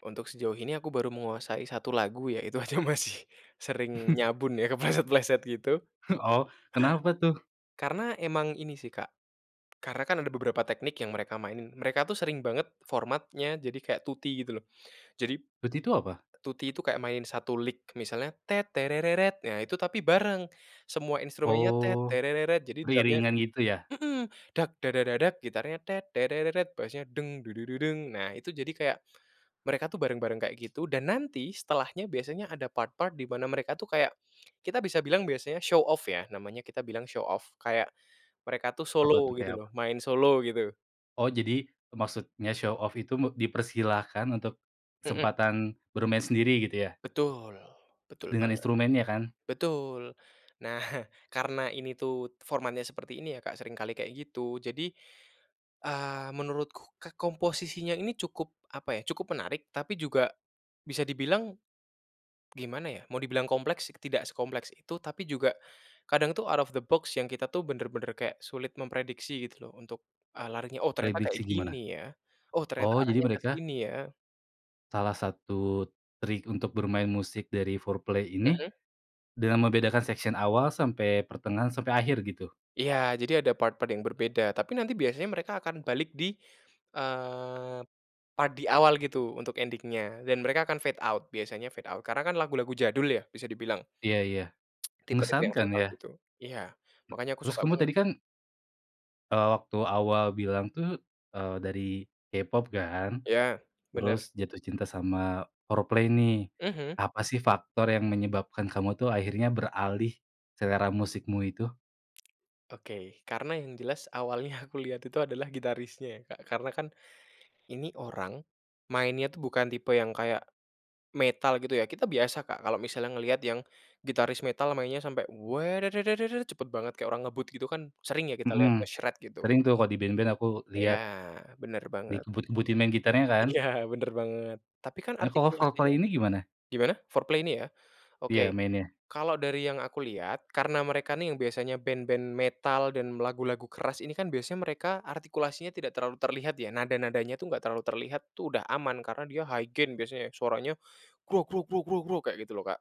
Untuk sejauh ini aku baru menguasai 1 lagu ya, itu aja masih sering nyabun ya, kepleset-pleset gitu. Oh kenapa tuh? Karena emang ini sih Kak, karena kan ada beberapa teknik yang mereka mainin mereka tuh sering banget formatnya jadi kayak tutti gitu loh. Jadi Tutti itu apa? tutti itu kayak main 1 lick misalnya nah itu tapi bareng semua instrumennya Oh, jadi drumnya beriringan gitu ya? mhm, gitarnya, basnya, nah itu jadi kayak mereka tuh bareng bareng kayak gitu dan nanti setelahnya biasanya ada part-part di mana mereka tuh kayak, kita bisa bilang biasanya show-off ya, namanya kita bilang show-off kayak mereka tuh Apa tuh, solo gitu kayak loh, apa? main solo gitu. Oh, jadi maksudnya show off itu me dipersilahkan untuk Mhm. kesempatan bermain sendiri gitu ya? Betul, betul Dengan banget, instrumennya kan? betul. Nah, karena ini tuh formatnya seperti ini ya Kak, sering kali kayak gitu, jadi, eee, menurutku k komposisinya ini cukup apa ya, cukup menarik, tapi juga bisa dibilang gimana ya, mau dibilang kompleks, tidak sekompleks itu, tapi juga kadang tuh out of the box yang kita tuh bener-bener kayak sulit memprediksi gitu loh untuk, eee, larinya, oh ternyata kayak Prediksi gimana? gini ya, oh ternyata Oh jadi arahnya ke mereka sini ya. Salah satu trik untuk bermain musik dari Foreplay ini Mhm. dengan membedakan section awal sampai pertengahan sampai akhir gitu? Iya jadi ada part-part yang berbeda tapi nanti biasanya mereka akan balik di, eee, part di awal gitu untuk ending-nya dan mereka akan fade out, biasanya fade out. Karena kan lagu-lagu jadul ya bisa dibilang. Iya iya, Tipe-tipe yang mengesankan fade out ya. gitu. Iya makanya aku Terus suka kamu banget tadi ya Kak. kan eee, waktu awal bilang tuh, eee, dari K-pop kan, Ya, bener. terus jatuh cinta sama Foreplay nih. Mhm. Apa sih faktor yang menyebabkan kamu tuh akhirnya beralih selera musikmu itu? Oke karena yang jelas awalnya aku lihat itu adalah gitarisnya ya Kak, karena kan ini orang mainnya tuh bukan tipe yang kayak metal gitu ya, kita biasa Kak kalau misalnya ngelihat yang gitaris metal mainnya sampai cepet banget kayak orang ngebut gitu kan sering ya, kita Mhm, lihat ngesret gitu. sering tuh kalau di band-band aku Ya lihat, bener banget. dikebut-kebutin main gitarnya kan? Ya bener banget. Tapi kan Eh kalau artikulasinya Foreplay ini gimana? gimana Foreplay ini ya? Iya Oke mainnya. kalau dari yang aku lihat, karena mereka nih yang biasanya band-band metal dan lagu-lagu keras ini, kan biasanya mereka artikulasinya tidak terlalu terlihat ya, nada-nadanya tuh enggak terlalu terlihat tuh udah aman, karena dia high gen biasanya, suaranya gruk gruk gruk gruk gruk, kayak gitu loh Kak.